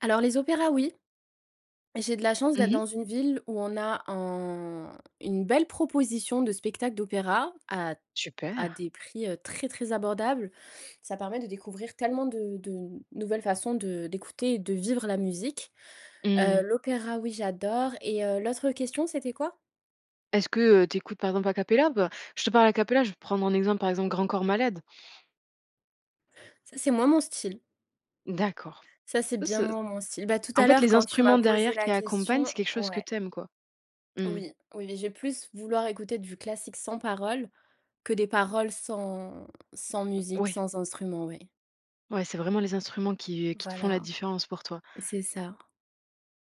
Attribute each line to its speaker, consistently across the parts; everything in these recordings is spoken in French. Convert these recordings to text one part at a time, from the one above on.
Speaker 1: Alors les opéras, oui. J'ai de la chance
Speaker 2: Mmh
Speaker 1: d'être
Speaker 2: mh.
Speaker 1: dans une ville où on a un une belle proposition de spectacle d'opéra à à
Speaker 2: Super.
Speaker 1: des prix, heu, très, très abordables. Ça permet de découvrir tellement de de nouvelles façons de d'écouter et de vivre la musique. Heu,
Speaker 2: Mmh
Speaker 1: l'opéra oui j'adore et heu, l'autre question c'était quoi?
Speaker 2: Est-ce que, heu, tu écoutes par exemple a cappella? Bah je te parle a cappella, je vais prendre un exemple, par exemple, Grand Corps Malade?
Speaker 1: Ça, c'est moins mon style.
Speaker 2: D'accord,
Speaker 1: Ça c'est
Speaker 2: ou ce
Speaker 1: bien moins mon style. Ben tout
Speaker 2: en
Speaker 1: à
Speaker 2: fait
Speaker 1: l'heure
Speaker 2: les
Speaker 1: quand tu m'as
Speaker 2: instruments
Speaker 1: posé
Speaker 2: derrière
Speaker 1: la
Speaker 2: qui accompagnent,
Speaker 1: question
Speaker 2: c'est quelque chose que
Speaker 1: ouais.
Speaker 2: tu aimes, quoi? Mmh.
Speaker 1: Oui, oui et j'ai plus, vouloir écouter du classique sans paroles, que des paroles sans sans musique,
Speaker 2: Oui.
Speaker 1: sans instrument, oui.
Speaker 2: Oui, c'est vraiment les instruments qui qui te font la
Speaker 1: Voilà.
Speaker 2: différence pour toi.
Speaker 1: C'est ça.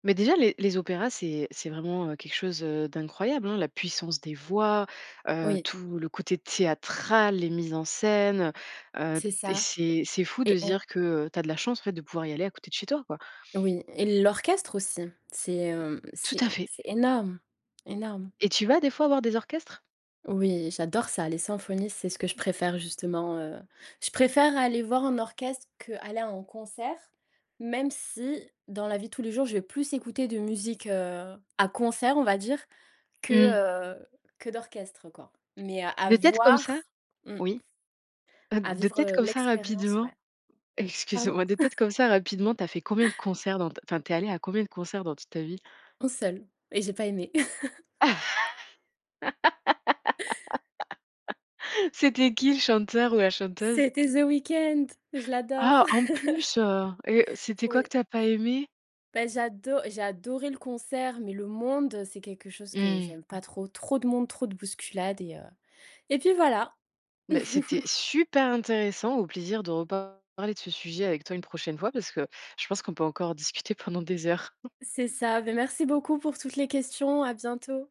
Speaker 2: Mais déjà les les opéras, c'est c'est vraiment quelque chose, heu, d'incroyable, hein. La puissance des voix, heu,
Speaker 1: Oui.
Speaker 2: tout le côté théâtral, les mises en scène, heu heu
Speaker 1: C'est
Speaker 2: et
Speaker 1: ça
Speaker 2: c'est c'est fou de
Speaker 1: et
Speaker 2: se
Speaker 1: un
Speaker 2: dire que tu as de la chance en fait de pouvoir y aller à côté de chez toi, quoi.
Speaker 1: Oui et l'orchestre aussi. C'est, hem,
Speaker 2: Tout à
Speaker 1: c'est
Speaker 2: fait.
Speaker 1: c'est énorme, énorme.
Speaker 2: Et tu vas des fois voir des orchestres?
Speaker 1: Oui j'adore ça, les symphonies c'est ce que je préfère justement, heu. Je préfère aller voir un orchestre qu'aller à un concert même si dans la vie de tous les jours je vais plus écouter de musique, heu, à concert, on va dire que,
Speaker 2: Mmh.
Speaker 1: heu, que d'orchestre, quoi. Mais à
Speaker 2: De tête comme ça,
Speaker 1: voir mmh
Speaker 2: oui, heu,
Speaker 1: à
Speaker 2: de
Speaker 1: vivre,
Speaker 2: tête
Speaker 1: heu,
Speaker 2: comme ça
Speaker 1: l'expérience
Speaker 2: rapidement.
Speaker 1: ouais pardon?
Speaker 2: Excuse-moi, de tête comme ça rapidement tu as fait combien de concerts, dans ta v enfin tu es allée à combien de concerts dans toute ta vie?
Speaker 1: 1 seul et j'ai pas aimé.
Speaker 2: C'était qui le chanteur ou la chanteuse?
Speaker 1: C'était The Weeknd, je l'adore.
Speaker 2: Ah en plus, heu et c'était quoi que
Speaker 1: Oui.
Speaker 2: tu as pas aimé?
Speaker 1: Beh j'ado j'ai adoré le concert, mais le monde, c'est quelque chose que
Speaker 2: Mmh.
Speaker 1: j'aime pas trop. Trop de monde, trop de bousculades et heu et puis voilà.
Speaker 2: Beh c'était super intéressant, au plaisir de reparler de ce sujet avec toi une prochaine fois, parce que je pense qu'on peut encore discuter pendant des heures.
Speaker 1: C'est ça, beh merci beaucoup pour toutes les questions, à bientôt.